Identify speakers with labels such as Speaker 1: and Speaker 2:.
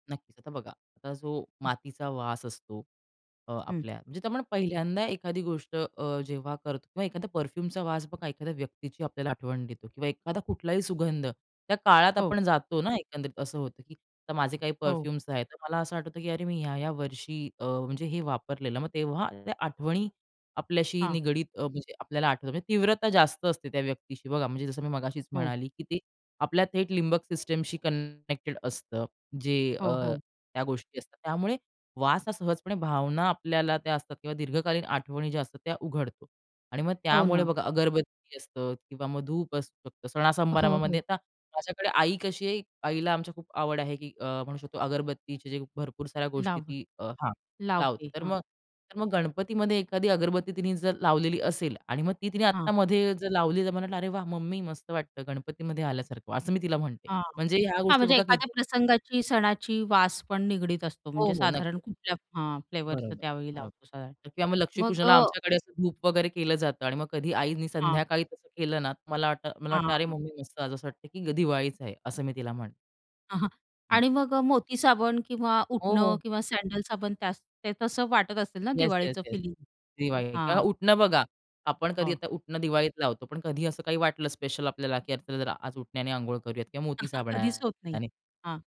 Speaker 1: नक्कीच, आता बघा आता जो
Speaker 2: हं.
Speaker 1: मातीचा वास असतो, अ,
Speaker 2: हं.
Speaker 1: आपल्या म्हणजे आपण पहिल्यांदा एखादी गोष्ट अ, जेव्हा करतो किंवा एखादा परफ्यूमचा वास बघा, एखाद्या व्यक्तीची आपल्याला आठवण देतो किंवा एखादा कुठलाही सुगंध, त्या काळात
Speaker 2: हो.
Speaker 1: आपण जातो ना एकंदरीत. असं होतं की आता माझे काही
Speaker 2: हो.
Speaker 1: परफ्यूम्स आहेत, तर मला असं आठवतं की अरे, मी ह्या-ह्या वर्षी अ, म्हणजे हे वापरलेलं, मग तेव्हा त्या आठवणी आपल्याशी
Speaker 2: हां.
Speaker 1: निगडीत अ, म्हणजे आपल्याला आठवतो, म्हणजे तीव्रता जास्त असते त्या व्यक्तीशी. बघा, म्हणजे जसं मी मगाशीच
Speaker 2: हो.
Speaker 1: म्हणाली, की ते आपल्या थेट लिंबक सिस्टमशी कनेक्टेड असतं. जे
Speaker 2: हो,
Speaker 1: अ,
Speaker 2: हो.
Speaker 1: त्या गोष्टी असतात, त्यामुळे वास हां, सहजपणे भावना आपल्याला त्या असतात किंवा दीर्घकालीन आठवणी ज्या असतात, त्या उघडतो. आणि मग
Speaker 2: हो
Speaker 1: त्यामुळे
Speaker 2: ना.
Speaker 1: बघा अगरबत्ती असतं किंवा मग धूप असू शकतं, सणा
Speaker 2: हो,
Speaker 1: सणासमारंभामध्ये.
Speaker 2: हो.
Speaker 1: आता माझ्याकडे आई कशी आहे, आईला आमची खूप आवड आहे की अ, म्हणू शकतो अगरबत्तीचे जे भरपूर साऱ्या गोष्टी
Speaker 2: लाव
Speaker 1: ती हां, लावते.
Speaker 2: लावते.
Speaker 1: तर
Speaker 2: हां.
Speaker 1: मग तर मग गणपतीमध्ये एखादी अगरबत्ती तिने जर लावलेली असेल आणि मग ती तिने आत्ता
Speaker 2: हां.
Speaker 1: मध्ये जर लावली, तर मला वाटलं "अरे वाह! मम्मी, मस्त वाटतं गणपतीमध्ये आल्यासारखं." असं मी तिला म्हणते.
Speaker 2: हां.
Speaker 1: म्हणजे ह्या
Speaker 2: हां,
Speaker 1: गोष्टी
Speaker 2: म्हणजे
Speaker 1: बघा
Speaker 2: एखाद्या
Speaker 1: किती?
Speaker 2: प्रसंगाची सणाची वास पण निगडीत असतो.
Speaker 1: हो,
Speaker 2: म्हणजे
Speaker 1: हो.
Speaker 2: साधारण
Speaker 1: नक्कीच.
Speaker 2: कुठल्या हां, फ्लेवरचं
Speaker 1: बरोबर
Speaker 2: त्यावेळी लावतो साधारण.
Speaker 1: बरोबर किंवा मग
Speaker 2: मग
Speaker 1: लक्ष्मीपूजनाला
Speaker 2: अ
Speaker 1: आमच्याकडे असं धूप वगैरे केलं जातं आणि मग कधी आईनी
Speaker 2: हां.
Speaker 1: संध्याकाळी तसं केलं ना, मला वाटतं, मला
Speaker 2: हां,
Speaker 1: वाटतं, "अरे,
Speaker 2: हां.
Speaker 1: मम्मी मस्त, असं वाटतं की दिवाळीच आहे." असं मी तिला म्हणते.
Speaker 2: हां, हां.
Speaker 1: [unintelligible]
Speaker 2: आणि मग अ, मोती साबण किंवा
Speaker 1: हो,
Speaker 2: उटणं
Speaker 1: हो.
Speaker 2: किंवा सॅडल साबण त्या ते तसं वाटत असेल ना
Speaker 1: येस, येस,
Speaker 2: दिवाळीचं
Speaker 1: येस.
Speaker 2: फिलिंग?
Speaker 1: दिवाळी किंवा
Speaker 2: हां.
Speaker 1: उटणं बघा. आपण कधी
Speaker 2: हो.
Speaker 1: आता उटणं दिवाळीत लावतो, पण कधी असं काही वाटलं स्पेशल आपल्याला की जरा आज उटण्याने अंघोळ करूयात किंवा मोती
Speaker 2: हं, हां. कधीच होत नाही.
Speaker 1: साबणाने.
Speaker 2: हां.